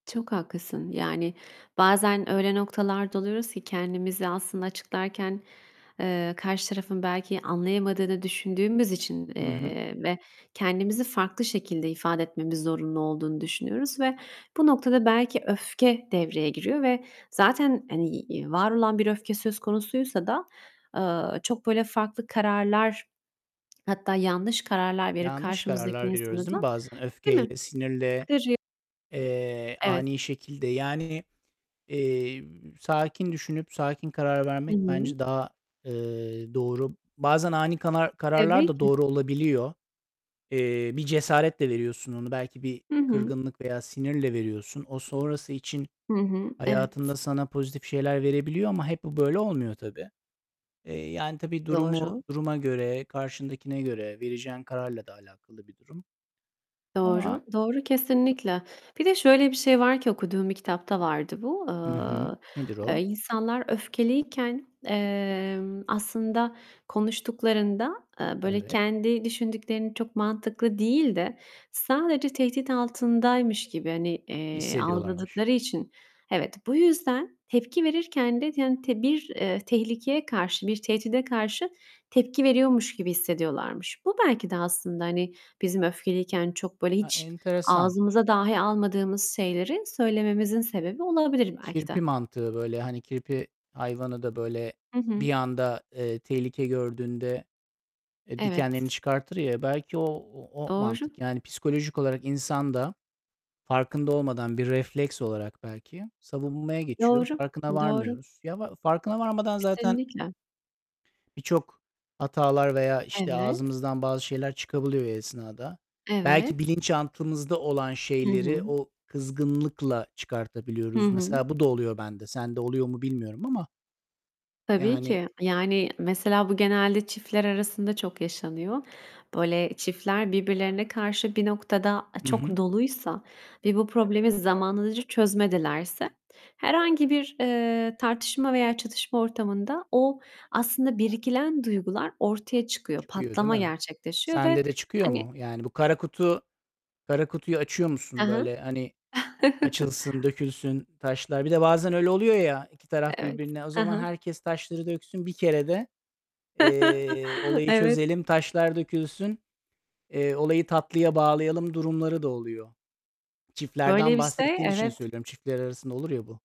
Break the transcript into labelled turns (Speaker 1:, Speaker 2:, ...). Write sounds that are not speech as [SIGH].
Speaker 1: Çok haklısın. Yani, bazen öyle noktalarda oluyoruz ki, kendimizi aslında açıklarken, eee, karşı tarafın belki anlayamadığı da düşündüğümüz için,
Speaker 2: Hı hı.
Speaker 1: eee, ve kendimizi farklı şekilde ifade etmemiz zorunlu olduğunu düşünüyoruz ve bu noktada belki öfke devreye giriyor ve zaten, hani, var olan bir öfke söz konusuysa da, ııı, çok böyle farklı kararlar hatta yanlış kararlar verip
Speaker 2: Yanlış
Speaker 1: karşımızdaki
Speaker 2: kararlar
Speaker 1: insanı
Speaker 2: veriyoruz, değil
Speaker 1: da
Speaker 2: mi? Bazen
Speaker 1: Değil mi?
Speaker 2: öfkeyle, sinirle,
Speaker 1: [UNINTELLIGIBLE]
Speaker 2: eee,
Speaker 1: Evet.
Speaker 2: ani şekilde. Yani, eee, sakin düşünüp sakin karar
Speaker 1: Hı
Speaker 2: vermek
Speaker 1: hı.
Speaker 2: bence daha, eee, doğru. Bazen ani kanar kararlar
Speaker 1: Tabii
Speaker 2: da
Speaker 1: ki.
Speaker 2: doğru olabiliyor. Eee, bir cesaretle veriyorsun onu. Belki bir
Speaker 1: Hı hı.
Speaker 2: kırgınlık veya sinirle veriyorsun. O sonrası için
Speaker 1: Hı hı, evet.
Speaker 2: hayatında sana pozitif şeyler verebiliyor ama hep bu böyle olmuyor tabii. Eee, yani, tabii durumu
Speaker 1: Doğru.
Speaker 2: duruma göre, karşındakine göre vereceğin kararla da alakalı bir durum. Ama
Speaker 1: Doğru, doğru. Kesinlikle. Bir de şöyle bir şey var ki, okuduğum bir kitapta vardı bu:
Speaker 2: Hı hı.
Speaker 1: Iıı,
Speaker 2: Nedir o?
Speaker 1: eee, insanlar öfkeliyken, emm, aslında konuştuklarında, eee, böyle
Speaker 2: Evet.
Speaker 1: kendi düşündüklerini çok mantıklı değil de sadece tehdit altındaymış gibi, hani, eee,
Speaker 2: Hissediyorlarmış.
Speaker 1: algıladıkları için, evet, bu yüzden tepki verirken de [UNINTELLIGIBLE] bir, eee, tehlikeye karşı, bir tehdide karşı tepki veriyormuş gibi hissediyorlarmış. Bu belki de aslında, hani, bizim öfkeliyken çok böyle,
Speaker 2: Ha,
Speaker 1: hiç
Speaker 2: enteresan.
Speaker 1: ağzımıza dahi almadığımız şeyleri söylememizin sebebi olabilir belki
Speaker 2: Kirpi
Speaker 1: de.
Speaker 2: mantığı böyle. Hani kirpi hayvanı da böyle
Speaker 1: Hı hı.
Speaker 2: bir anda, eee, tehlike gördüğünde, eee, dikenlerini
Speaker 1: Evet.
Speaker 2: çıkartır ya, belki o o o
Speaker 1: Doğru.
Speaker 2: mantık. Yani, psikolojik olarak insan da farkında olmadan bir refleks olarak belki savunmaya geçiyor,
Speaker 1: Doğru,
Speaker 2: farkına
Speaker 1: doğru.
Speaker 2: varmıyoruz. Ya, va farkına varmadan zaten
Speaker 1: Kesinlikle.
Speaker 2: birçok hatalar veya işte
Speaker 1: Evet.
Speaker 2: ağzımızdan bazı şeyler çıkabiliyor o esnada. Belki
Speaker 1: Evet.
Speaker 2: bilinçaltımızda olan
Speaker 1: Hı
Speaker 2: şeyleri
Speaker 1: hı.
Speaker 2: o kızgınlıkla
Speaker 1: Hı
Speaker 2: çıkartabiliyoruz.
Speaker 1: hı.
Speaker 2: Mesela bu da oluyor bende. Sende oluyor mu bilmiyorum ama?
Speaker 1: Tabii
Speaker 2: Yani
Speaker 1: ki. Yani, mesela bu genelde çiftler arasında çok yaşanıyor. Böyle çiftler birbirlerine karşı bir noktada a
Speaker 2: Hı hı.
Speaker 1: çok doluysa ve bu problemi zamanından önce çözmedilerse herhangi bir, eee, tartışma veya çatışma ortamında o aslında biriken duygular ortaya çıkıyor,
Speaker 2: Çıkıyor değil
Speaker 1: patlama
Speaker 2: mi?
Speaker 1: gerçekleşiyor ve
Speaker 2: Sende de çıkıyor
Speaker 1: hani
Speaker 2: mu? Yani, bu kara kutu kara kutuyu açıyor
Speaker 1: Ha
Speaker 2: musun
Speaker 1: ha.
Speaker 2: böyle, hani,
Speaker 1: [CHUCKLES]
Speaker 2: açılsın, dökülsün taşlar. Bir de bazen öyle oluyor ya, iki taraf
Speaker 1: Evet.
Speaker 2: birbirine "O
Speaker 1: Hı
Speaker 2: zaman
Speaker 1: hı.
Speaker 2: herkes taşları döksün bir kerede, eee,
Speaker 1: [CHUCKLES]
Speaker 2: olayı
Speaker 1: Evet.
Speaker 2: çözelim, taşlar dökülsün, eee, olayı tatlıya bağlayalım." durumları da oluyor. Çiftlerden
Speaker 1: Böyle bir şey,
Speaker 2: bahsettiğin için
Speaker 1: evet.
Speaker 2: söylüyorum. Çiftler arasında olur ya, bu.